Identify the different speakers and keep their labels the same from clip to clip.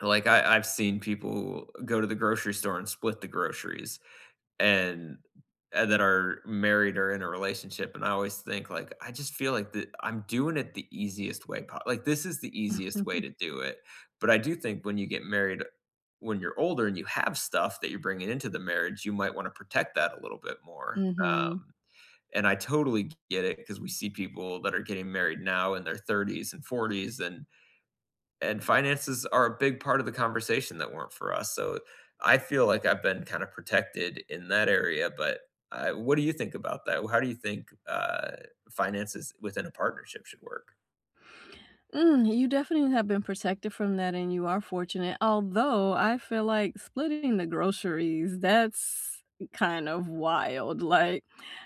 Speaker 1: Like, I I've seen people go to the grocery store and split the groceries and and then are married or in a relationship, and I always think, like I just feel like the I'm doing it the easiest way po like, this is the easiest way to do it, but I do think when you get married, when you're older and you have stuff that you're bringing into the marriage, you might wanna protect that a little bit more,
Speaker 2: Mhm.
Speaker 1: um, and I totally g get it 'cause we see people that are getting married now in their 30s and 40s, and and finances are a big part of the conversation that weren't for us, so, I feel like I've been kind of protected in that area, but, uh, what do you think about that? Or how do you think, uh, finances within a partnership should work?
Speaker 2: Mm. You definitely have been protected from that, and you are fortunate although I feel like splitting the groceries that's kind of wild, like,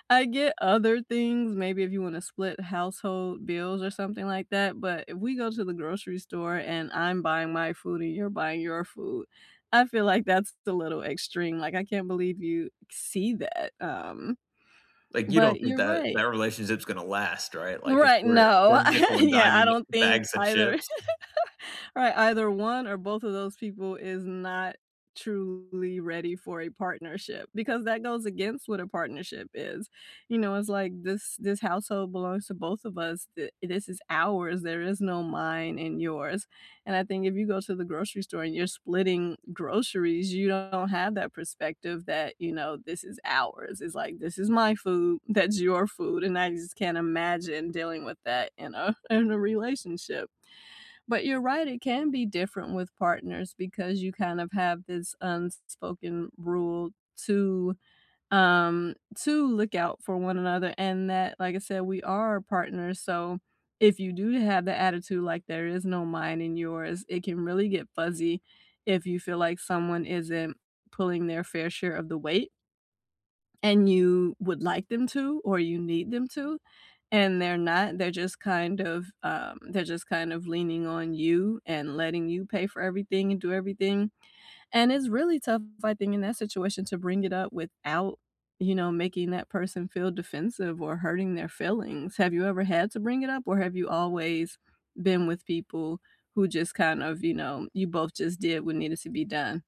Speaker 2: I get other things maybe if you wanna split household bills or something like that but if we go to the grocery store and I'm buying my food and you're buying your food, I feel like that's t little extreme, like, I can't believe you see that, um.
Speaker 1: Like, you don't
Speaker 2: But
Speaker 1: think
Speaker 2: you're
Speaker 1: that that
Speaker 2: right.
Speaker 1: relationship's gonna last, right? Like, if
Speaker 2: Right,
Speaker 1: we're we're
Speaker 2: no.
Speaker 1: nickel and
Speaker 2: Yeah. I
Speaker 1: diming
Speaker 2: don't think
Speaker 1: bags of
Speaker 2: either
Speaker 1: chips.
Speaker 2: Right, either one or both of those people is not truly ready for a partnership because that goes against what a partnership is, you know, it's like this this household belongs to both of us. Th this is ours, there is no mine and yours, and I think if you go to the grocery store and you're splitting groceries, you don't have that perspective that, you know, this is ours, it's like, "This is my food, that's your food," and I just can't imagine dealing with that in a in a relationship. But you're right, it can be different with partners because you kind of have this un s spoken rule to, um to look out for one another and that, like I said, we are partners so if you do have the attitude, like there is no mine and yours, it can really get fuzzy if you feel like someone isn't pulling their fair share of the weight and you would like them to or you need them to, and they're not, they're just, kind of, um, there just kind of leaning on you and letting you pay for everything and do everything, and it's really tough, I think, in that situation to bring it up without, you know, making that person feel defensive or hurting their feelings. Have you ever had to bring it up or have you always been with people who just kind of, you know, you both just did what needed to be done?